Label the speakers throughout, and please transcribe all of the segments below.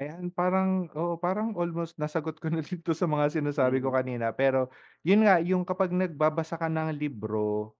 Speaker 1: Ayan parang oo, parang almost nasagot ko na din 'to sa mga sinasabi ko
Speaker 2: Mm.
Speaker 1: kanina pero, yun nga, yung kapag nagbabasa ka ng libro,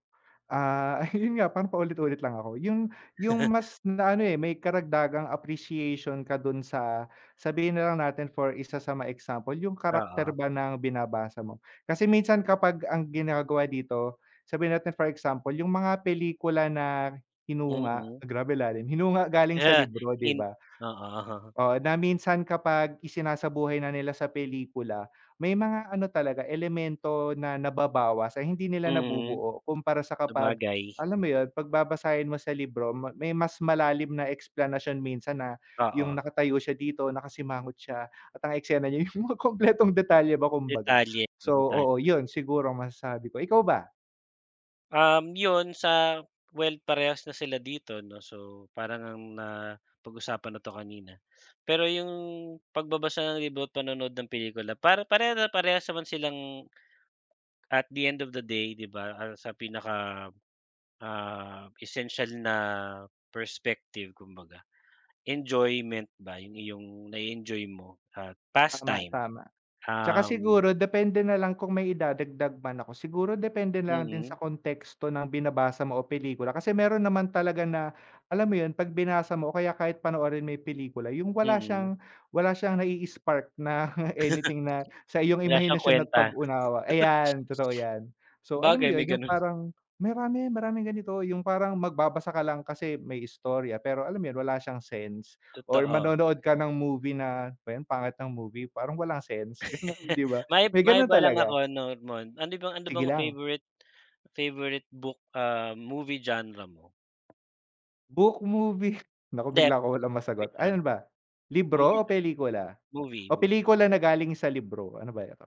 Speaker 1: ah, yun nga, parang paulit-ulit lang ako. Yung yung mas na ano, eh, may karagdagang appreciation ka do'n sa, sabihin na lang natin for isa sa mga example, yung karacter
Speaker 2: Oo.
Speaker 1: ba ng binabasa mo. Kasi minsan kapag ang ginagawa dito, sabihin natin for example, yung mga pelikula na hinunga,
Speaker 2: Mm.
Speaker 1: grabe lalim. Hinunga galing sa
Speaker 2: Ah,
Speaker 1: libro, di
Speaker 2: in
Speaker 1: ba?
Speaker 2: oo.
Speaker 1: Oo, na minsan kapag isinasabuhay na nila sa pelikula, may mga ano talaga, elemento na nababawas, ay hindi nila
Speaker 2: Mm.
Speaker 1: nabubuo. Kumpara sa kapag,
Speaker 2: Sabagay.
Speaker 1: alam mo yun? 'Pag babasahin mo sa libro, may mas malalim na eksplanasyon minsan na, yung
Speaker 2: Oo.
Speaker 1: nakatayo siya dito, nakasimangot siya, at ang eksena niya yung mga kumpletong detalye ba kumbaga.
Speaker 2: Detalye oo,
Speaker 1: So
Speaker 2: detalye,
Speaker 1: oo,
Speaker 2: mga
Speaker 1: yun
Speaker 2: ganyan.
Speaker 1: siguro masasabi ko. Ikaw ba?
Speaker 2: Um, yun sa well parehas na sila dito, 'no? So parang ngang napag-usapan na 'to kanina, pero yung pagbabasa ng libro at panonood ng pelikula para pareha na parehas naman silang, at the end of the day, di ba? Sa pinaka, ah, essential na perspective kumbaga. Enjoyment ba yung iyong nai-enjoy mo at past
Speaker 1: Tama,
Speaker 2: time.
Speaker 1: tama. Tsaka
Speaker 2: Um
Speaker 1: siguro depende nalang kung may idadagdag man ako. Siguro depende nalang din sa
Speaker 2: Mm.
Speaker 1: konteksto ng binabasa mo o pelikula, kasi meron naman talaga na, alam mo yun? 'Pag binasa mo o kaya kahit panoorin mo yung pelikula, yung wala
Speaker 2: Mm.
Speaker 1: siyang wala siyang nai-spark na anything na sa iyong
Speaker 2: Wala siyang
Speaker 1: imahinasyon at
Speaker 2: kwenta.
Speaker 1: pag-unawa,
Speaker 2: Sabagay.
Speaker 1: ayan, totoo yan. So alam mo yun?
Speaker 2: May
Speaker 1: Yung
Speaker 2: ganon.
Speaker 1: parang marami, maraming ganito. Yung parang magbabasa ka lang kasi may istorya, pero alam mo yun? Wala siyang sense, or
Speaker 2: Totoo.
Speaker 1: manonood ka ng movie na, ano bayan pangit ng movie, parang walang sense, gano'n, di ba?
Speaker 2: Mai
Speaker 1: May gano'n
Speaker 2: maiba lang
Speaker 1: talaga.
Speaker 2: ako, nor mon ano bang ano
Speaker 1: Sige
Speaker 2: bang
Speaker 1: lang.
Speaker 2: favorite favorite book, ah, movie genre mo?
Speaker 1: Book, movie? Naku
Speaker 2: 'Di
Speaker 1: bigla akong walang masagot.
Speaker 2: question.
Speaker 1: Alin ba? Libro
Speaker 2: Movie
Speaker 1: o
Speaker 2: nalang.
Speaker 1: pelikula?
Speaker 2: Movie,
Speaker 1: O
Speaker 2: movie.
Speaker 1: pelikula na galing sa libro? Ano ba ito?